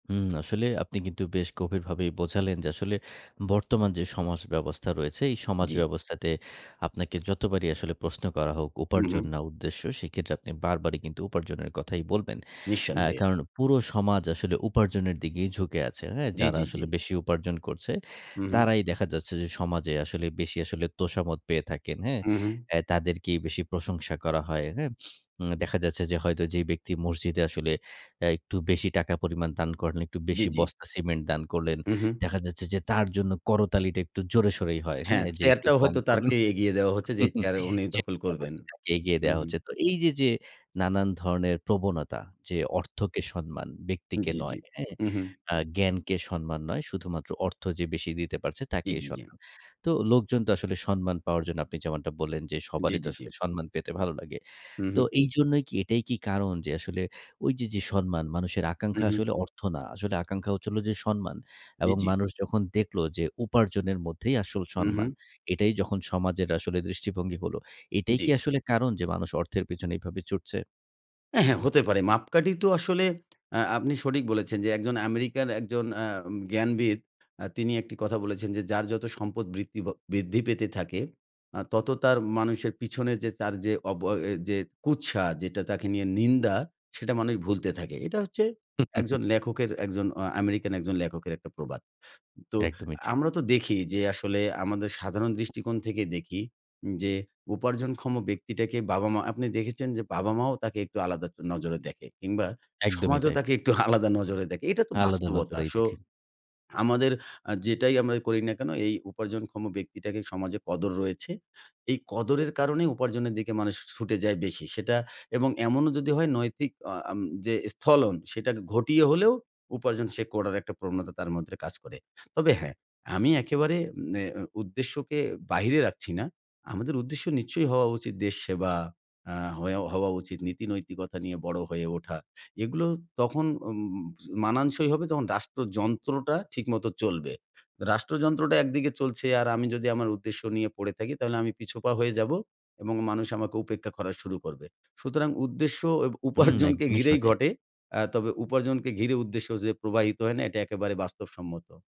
উম আসলে আপনি কিন্তু বেশ গভীরভাবেই বোঝালেন, যে আসলে বর্তমান যে সমাজ ব্যবস্থা রয়েছে এই সমাজ জ্বি। ব্যবস্থাতে আপনাকে যতবারই আসলে প্রশ্ন করা হোক উপার্জন উহু। না উদ্দেশ্য সেক্ষেত্রে আপনি বারবারই কিন্তু উপার্জনের কথাই বলবেন। অ্যা নিঃসন্দেহে। কারণ পুরো সমাজ আসলে উপার্জনের দিকেই ঝুঁকে আছে। হ্যাঁ, জ্বি, যারা জ্বি, জ্বি। আসলে বেশি উপার্জন করছে। হু, হু। তারাই দেখা যাচ্ছে যে সমাজে আসলে বেশি আসলে তোষামদ পেয়ে থাকেন, হ্যাঁ? উহু। অ্যা তাদেরকেই বেশি প্রশংসা করা হয়। হ্যাঁ? উম দেখা যাচ্ছে যে হয়তো যেই ব্যক্তি মসজিদে আসলে অ্যা একটু বেশি টাকা পরিমাণ দান করেন, একটু জি, বেশি জি। বস্তা সিমেন্ট দান করলেন। উহু। দেখা যাচ্ছে যে তার জন্য করতালিটা একটু জোরে সরেই হয়। হ্যাঁ, হ্যাঁ? যে একটু চেয়ারটাও কম হয়তো করলো, তাকেই এগিয়ে দেওয়া হচ্ছে যে চেয়ারের উনি দখল করবেন। [unintelligible] এগিয়ে দেয়া উহু। হচ্ছে। তো এই যে, যে নানান ধরনের প্রবণতা যে অর্থকে সন্মান, ব্যক্তিকে জ্বী, নয়, জ্বী, হ্যাঁ। উহু। আ জ্ঞানকে সম্মান নয়, শুধুমাত্র অর্থ যে বেশি দিতে পারছে জ্বী, তাকেই জ্বী, জ্বী। সম্মান। তো লোকজন তো আসলে সম্মান পাওয়ার জন্য আপনি যেমনটা বললেন যে জ্বি, সবারই তো জ্বি, জ্বি। আসলে সম্মান পেতে ভালো লাগে। হু, তো হু। এইজন্যই কি এটাই কি কারণ? যে আসলে ঐ যে, যে সম্মান মানুষের আকাঙ্ক্ষা উহু। আসলে অর্থ না। আসলে আকাঙ্ক্ষা হচ্ছে হলো যে সম্মান জ্বি, এবং জ্বি। মানুষ যখন দেখলো যে উপার্জনের মধ্যেই আসল সম্মান। উহু। এটাই যখন সমাজের আসলে দৃষ্টিভঙ্গি হলো, এটাই কি জ্বি। আসলে কারণ যে মানুষ অর্থের পেছনে এভাবে ছুটছে? অ্যা হ্যাঁ, হতে পারে। মাপকাঠি তো আসলে আ আপনি সঠিক বলেছেন, যে একজন আমেরিকার একজন অ্যাম জ্ঞানবিদ আ তিনি একটি কথা বলেছেন, যে যার যত সম্পদ বৃত্তি বা বৃদ্ধি পেতে থাকে আ তত তার মানুষের পিছনে যে তার যে অবয় যে কুৎসা যেটা তাকে নিয়ে নিন্দা সেটা মানুষ ভুলতে থাকে। এটা হচ্ছে একজন লেখকের, একজন অ আমেরিকান একজন লেখকের একটা প্রবাদ। তো একদমই ঠিক। আমরা তো দেখি যে আসলে আমাদের সাধারণ দৃষ্টিকোণ থেকে দেখি যে উপার্জনক্ষম ব্যক্তিটাকে বাবা-মা, আপনি দেখেছেন যে বাবা-মাও তাকে একটু আলাদা নজরে দেখে কিংবা একদমই সমাজও তাই। তাকে একটু আলাদা নজরে দেখে। এটা তো আলাদা বাস্তবতা। নজরেই শো দেখেন। আমাদের আ যেটাই আমরাই করি না কেন এই উপার্জনক্ষম ব্যক্তিটাকে সমাজে কদর রয়েছে। এই কদরের কারণে উপার্জনের দিকে মানুষ ছুটে যায় বেশি। সেটা এবং এমনও যদি হয় নৈতিক আ আম যে স্থলন সেটা কে ঘটিয়ে হলেও উপার্জন সে করার একটা প্রবণতা তার মধ্যে কাজ করে। তবে হ্যাঁ, আমি একেবারে নে এম উদ্দেশ্যকে বাহিরে রাখছি না। আমাদের উদ্দেশ্য নিশ্চয়ই হওয়া উচিত দেশ সেবা। আ হয়া হওয়া উচিত নীতিনৈতিকতা নিয়ে বড় হয়ে ওঠা। এগুলো তখন উম মানানসই হবে যখন রাষ্ট্রযন্ত্রটা ঠিকমত চলবে। রাষ্ট্রযন্ত্রটা একদিকে চলছে, আর আমি যদি আমার উদ্দেশ্য নিয়ে পড়ে থাকি তাহলে আমি পিছপা হয়ে যাবো এবং মানুষ আমাকে উপেক্ষা করা শুরু করবে। সুতরাং উদ্দেশ্য এব হুম, উপার্জনকে একদমই ঘিরেই সঠিক। ঘটে। আ তবে উপার্জনকে ঘিরে উদ্দেশ্য যে প্রবাহিত হয় না এটা একেবারে বাস্তবসম্মত।